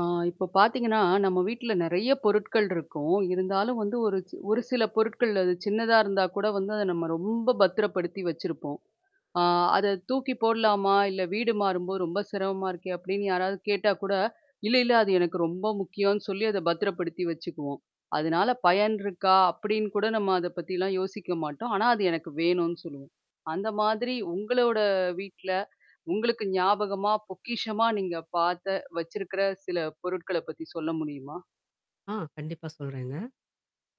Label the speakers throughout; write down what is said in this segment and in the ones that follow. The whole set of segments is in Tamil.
Speaker 1: ஆ இப்போ பார்த்தீங்கன்னா, நம்ம வீட்டில நிறைய பொருட்கள் இருக்கும். இருந்தாலும் வந்து ஒரு ஒரு சில பொருட்கள் அது சின்னதா இருந்தா கூட வந்து அதை நம்ம ரொம்ப பத்திரப்படுத்தி வச்சிருப்போம். அ "அத தூக்கி போடலாமா, இல்ல வீடு மாறும்போது ரொம்ப சிரமமா இருக்கே" அப்படின்னு யாராவது கேட்டா கூட இல்ல, இல்ல அது எனக்கு ரொம்ப முக்கியம்னு சொல்லி அத பத்திரப்படுத்தி வச்சுக்குவோம். அதனால பயன் இருக்கா, அப்படின்னு கூட நம்ம அத பத்திலாம் யோசிக்க மாட்டோம். ஆனா, அது எனக்கு வேணும்னு சொல்லுவோம். அந்த மாதிரி உங்களோட வீட்ல உங்களுக்கு ஞாபகமா, பொக்கிஷமா நீங்க பார்த்த, வச்சிருக்கிற சில பொருட்கள பத்தி சொல்ல முடியுமா?
Speaker 2: ஆ கண்டிப்பா, சொல்லுறேங்க.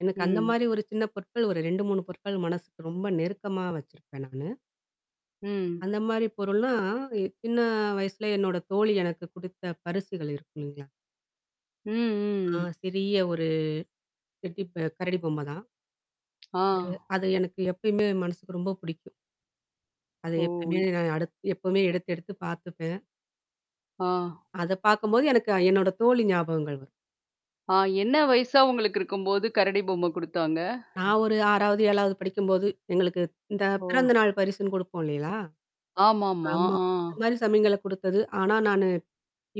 Speaker 2: எனக்கு அந்த
Speaker 1: ம்.
Speaker 2: மாரி ஒரு சின்ன பொருட்கள் ஒரு 2, 3 பொருட்கள் மனசுக்கு ரொம்ப நெருக்கமா வச்சுருப்பேன் நானு.
Speaker 1: ம்.
Speaker 2: அந்த மாரி பொருள்லாம் சின்ன வயசுல என்னோட தோழி எனக்கு கொடுத்த பரிசுகள் இருக்கு, இல்லங்களா. ஆ
Speaker 1: ம்.
Speaker 2: சிறிய ஒரு டெடி பெர் கரடி பொம்ம தான்.
Speaker 1: ஆ.
Speaker 2: அது அது எனக்கு எப்பயுமே மனசுக்கு ரொம்ப பிடிக்கும். அத
Speaker 1: ஓ!
Speaker 2: எப்பவுமே
Speaker 1: இ
Speaker 2: நான் அடுத் எப்போவுமே எடுத்து எடுத்து பார்த்துப்பேன்.
Speaker 1: ஆ.
Speaker 2: அத பார்க்கும்போது எனக்கு என்னோட தோழி ஞாபகங்கள் வரும்.
Speaker 1: ஆ என்ன வயசா உங்களுக்கு இருக்கும்போது கரடி பொம்மை கொடுத்தாங்க?
Speaker 2: நான் ஒரு 6 வது, 7வது படிக்கும்போது எங்களுக்கு இந்த
Speaker 1: ஓ!
Speaker 2: பிறந்தநாள் பரிசுன்னு கொடுப்போம் இல்லைங்களா?
Speaker 1: ஆமா, ஆமா.
Speaker 2: ஆமா.
Speaker 1: ஆ
Speaker 2: இந்த மாரி சமயங்களள்ல கொடுத்தது. ஆனா, நானு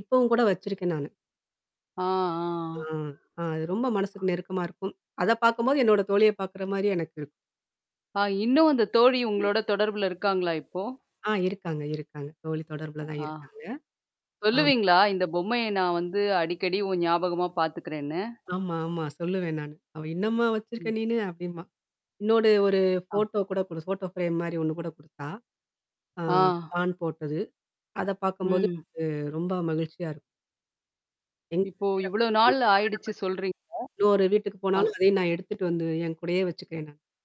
Speaker 2: இப்போவும் கூட வச்சிருக்கேன் நானு.
Speaker 1: ஆ,
Speaker 2: ஆ.
Speaker 1: ஆ.
Speaker 2: ஆ. அது ரொம்ப மனசுக்கு நெருக்கமா இருக்கும். அத பார்க்கும்போது என்னோட தோழிய பார்க்கிற மாரி எனக்கு இரு
Speaker 1: அ இன்னும் அந்த தோழி உங்களோட தொடர்புல இருக்காங்களா, இப்போ?
Speaker 2: ஆ இருக்காங்க, இருக்காங்க. தோழி தொடர்புல தான்
Speaker 1: ஆ,
Speaker 2: இருக்காங்க, ஆமா.
Speaker 1: சொல்லுவீங்களா இந்த பொம்மைய நான் வந்து அடிக்கடி உன் ஞாபகமா பார்த்துக்கிறேன்னு?
Speaker 2: ஆமா, ஆமா. சொல்லுவேன் நான். அவள் இன்னும்மா வச்சிருக்க
Speaker 1: ம்.
Speaker 2: நீன்னு? அப்படிம்பா. இன்னோட ஒரு
Speaker 1: ஆ.
Speaker 2: ஃபோட்டோ கூட ஃபோட்டோ ஃபிரேம் மாரி ஒண்ணு கூட கொடுத்தா. ஆ.
Speaker 1: ஆ.
Speaker 2: ஸ்டாண்ட் போட்டது. அத பார்க்கும்போது
Speaker 1: ம்.
Speaker 2: உ ரொம்ப மகிழ்ச்சியா இருக்கும். எங்க
Speaker 1: இப்போ,
Speaker 2: [unintelligible] கல்யாணம்
Speaker 1: இவ்வளோ
Speaker 2: பண்ணி
Speaker 1: நாள் ஆகிடுச்சுன்னு சொல்றீங்க.
Speaker 2: இன்னொரு வீட்டுக்கு
Speaker 1: ப்பா!
Speaker 2: போனாலும் அதையும் நான் எடுத்துட்டு வந்து என் கூடயே வச்சுருக்கேன் நான்.